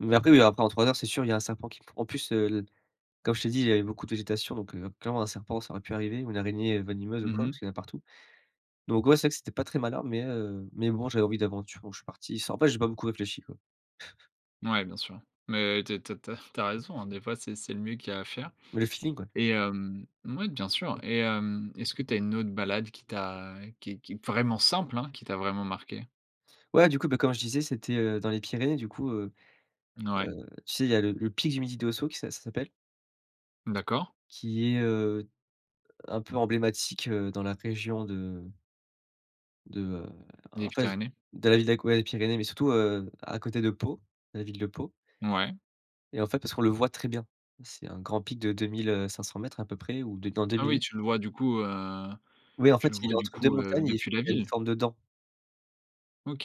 Mais après mais après, en 3 heures, c'est sûr, il a un serpent qui pre en plus, heu l comme je t'ai dit, il y avait beaucoup de végétation, donc, heu, clairement un serpent, ça aurait pu arriver ou une araignée venimeuse ou Mmh quoi, mh. parce qu'il y en a partout. Donc, ouais, c'est vrai, c'était pas très malin, mais, heu, mais bon, j'avais envie d'aventure don je suis parti sans après, j'ai pas beaucoup réfléchi, quoi. Ouais, bien sûr, mais tu es tu as tu as tu as raison, hein. Des fois, c'est c'est le mieux qu'il y a à faire Mais le feeling, ouais. et hem, mouais, bien sûr et hem, est-ce que tu as une autre balade qui t'a qui qui vraiment simple, hein, qui t'a vraiment marquée? Ouais, du coup, ben comme je disais, c'était, heu, dans les Pyrénées du coup, heu Mouais. heu, tu sais, il y a le le pic du Midi d'Ossau qui ça ça s'appelle D'accord. qui est, heu, un peu emblématique, heu, dans la région de de, heu, Les en fait, Pyrénées. d'à la ville d'Aque les Pyrénées, mais surtout, heu, à côté de Pau, la ville de Pau. Mouais. Et en fait, parce qu'on le voit très bien. C'est un grand pic de 2000, heu, 500m à peu près ou non, dans deux Ah oui, mille. tu le vois du coup, heu, Oui, en tu fait, le il vois est du entre 2 coup, heu, montagnes et il fa depuis la il a une ville? forme de dent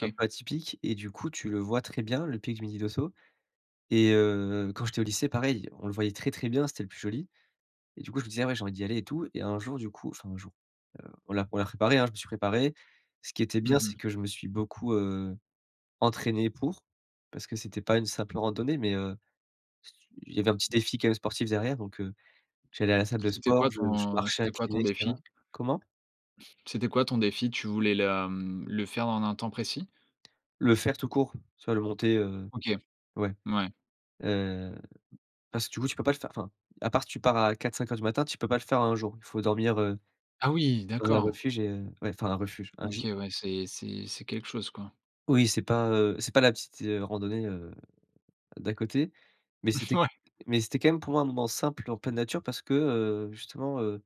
un peu atypique et du coup, tu le vois très bien, le pic du midi d'Ossau et heu, quand j'étais au lycée, pareil, on le voyait très très bien, c'était le plus joli et du coup, je me disais: «Ah ouais, j'ai envie d'y aller et tout» et un jour, du coup enfin un jour, heu, voilà, on l'a préparé, hein. Je me suis préparé. Ce qui était bien, Mmh mh. c'est que je me suis beaucoup, heu, entraîné pour. Parce que c'était pas une simple randonnée, mais, heu, il y avait un petit défi quand même sportif derrière. Donc, heu, j'allais à la salle de C'était sport, quoi je je ton marchais c'était quoi ton incliné et cetera. défi? Comment? C'était quoi ton défi? Tu voulais la, mmh le faire en un temps précis? Le faire tout court, soit le monter, heu, OK. ouais, Mouais. heu, parce que du coup, tu peux pas le faire enfin, à part si tu pars à 4:00-5:00 du matin, tu peux pas le faire en 1 jour. Il faut dormir, heu, Ah oui, dans un d'accord. refuge et heu, ouais, enfin un refuge, un OK gîte. ouais, c'est c'est c'est quelque chose, quoi. Oui, c'est pas, heu, c'est pas la petite, heu, randonnée, heu, d'à côté, mais Mmh c'était ouais! mais c'était quand même, pour moi, un moment simple en pleine nature parce que, heu, justement, heu